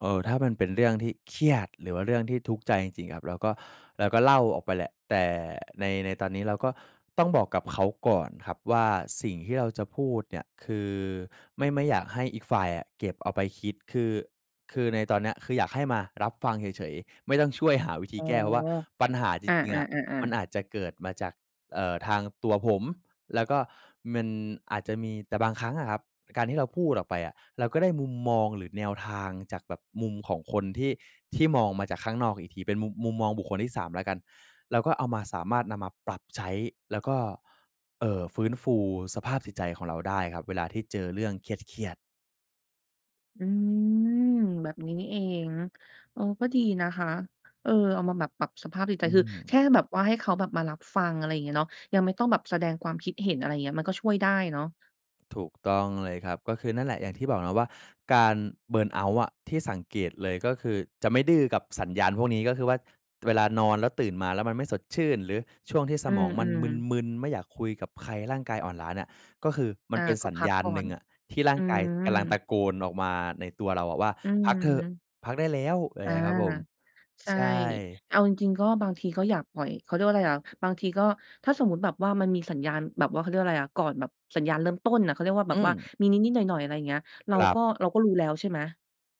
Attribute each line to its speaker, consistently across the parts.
Speaker 1: เออ ถ้ามันเป็นเรื่องที่เครียด หรือว่าเรื่องที่ทุกข์ใจจริง ๆ ครับ เราก็ เราก็เล่าออกไปแหละ แต่ ใน ในตอนนี้เราก็ต้องบอกกับเขาก่อนครับว่า สิ่งที่เราจะพูดเนี่ย คือ ไม่ ไม่อยากให้อีกฝ่ายอะ เก็บเอาไปคิด คือ คือในตอนเนี้ย คืออยากให้มารับฟังเฉย ๆ ไม่ต้องช่วยหาวิธี
Speaker 2: อ๋อ
Speaker 1: แก้ว่า ปัญหาจ
Speaker 2: อา
Speaker 1: ริง ๆ อะ มั
Speaker 2: ๆ
Speaker 1: น
Speaker 2: ๆ ๆ
Speaker 1: อาจจะเกิดมาจาก เอ่อ ทางตัวผม แล้วก็มันอาจจะมี แต่บางครั้งอะครับ การที่เราพูดออกไปอะ เราก็ได้มุมมอง หรือแนวทางจากแบบมุมของคน ที่ ที่มองมาจากข้างนอกอีกที เป็น มุม มุมมองบุคคลที่ 3 แล้วกัน เราก็เอามา สามารถนำมาปรับใช้ แล้วก็ เอ่อ ฟื้นฟูสภาพจิตใจของเราได้ครับ เวลาที่เจอเรื่องเครียด ๆ
Speaker 2: อืม แบบนี้นี่เอง เออ ก็ดีนะคะ เออ เอามาแบบปรับสภาพจิตใจ
Speaker 1: อื
Speaker 2: คือแค
Speaker 1: ม
Speaker 2: ่แบบว่า ให้เขาแบบมารับฟัง อะไรอย่างเงี้ยเนาะ ยังไม่ต้องแบบแสดงความคิดเห็น อะไรเงี้ย มันก็ช่วยได้เนาะ
Speaker 1: ถูกต้องเลยครับ ก็คือนั่นแหละ อย่าง
Speaker 2: อือ
Speaker 1: ที่บอกนะว่า การ เบิร์นเอาต์ อะ ที่สังเกตเลย ก็คือจะไม่ดื้อกับสัญญาณพวกนี้ ก็คือว่าเวลานอนแล้ว ตื่นมาแล้วมันไม่สดชื่น หรือช่วงที่ส
Speaker 2: อื
Speaker 1: มองมัน
Speaker 2: ม ๆ
Speaker 1: มึน ๆ ไม่อยากคุยกับใคร ร่างกายอ่อนล้าเนี่ย ก็คือมั
Speaker 2: อ
Speaker 1: น
Speaker 2: า
Speaker 1: เป็น
Speaker 2: ก็
Speaker 1: สัญ
Speaker 2: พั
Speaker 1: ญ
Speaker 2: ก
Speaker 1: าณ
Speaker 2: ก่อ
Speaker 1: หนึ่
Speaker 2: น
Speaker 1: งอะ ที่ร่
Speaker 2: อ
Speaker 1: า
Speaker 2: ื
Speaker 1: งกายกำลังต
Speaker 2: ม
Speaker 1: ะโกนออกมาในตัวเราอะว่า
Speaker 2: อื
Speaker 1: พ
Speaker 2: อ
Speaker 1: ั
Speaker 2: ฮ
Speaker 1: กเถอะ
Speaker 2: ึ
Speaker 1: พักได้แล้ว ไร
Speaker 2: อา
Speaker 1: เงี้ย ครับผม
Speaker 2: ใช่
Speaker 1: ใช่
Speaker 2: เอาจริง ๆ ก็บางทีก็อยากปล่อย เขาเรียกว่าอะไรอะ บางทีก็ ถ้าสมมุติแบบว่า มันมีสัญญาณ แบบว่า เขาเรียกว่าอะไรอะ ก่อนแบบสัญญาณเริ่มต้นน่ะ เขาเรียกว่าแบ
Speaker 1: อื
Speaker 2: บว่า
Speaker 1: ม
Speaker 2: มีนิด ๆ หน่อย ๆ อะไรเงี้ย เร
Speaker 1: ค
Speaker 2: า
Speaker 1: รั
Speaker 2: ก
Speaker 1: บ
Speaker 2: ็ เราก็รู้แล้วใช่ไหม?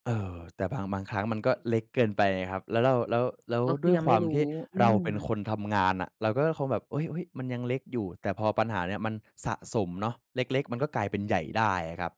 Speaker 1: เออ แต่ บาง บางครั้งมันก็เล็กเกินไปไงครับ แล้วเรา แล้ว แล้ว
Speaker 2: ก็ค
Speaker 1: ด
Speaker 2: ือ
Speaker 1: ้วย
Speaker 2: ยัง
Speaker 1: ค
Speaker 2: ไ
Speaker 1: ว
Speaker 2: ม่
Speaker 1: าม
Speaker 2: รู้
Speaker 1: ที่
Speaker 2: อื
Speaker 1: เรา
Speaker 2: ม
Speaker 1: เป็นคนทำงานอะ เราก็คงแบบ โอ๊ย ๆ มันยังเล็กอยู่ แต่พอปัญหาเนี่ย มันสะสมเนาะ เล็ก ๆ มันก็กลายเป็นใหญ่ได้อะครับ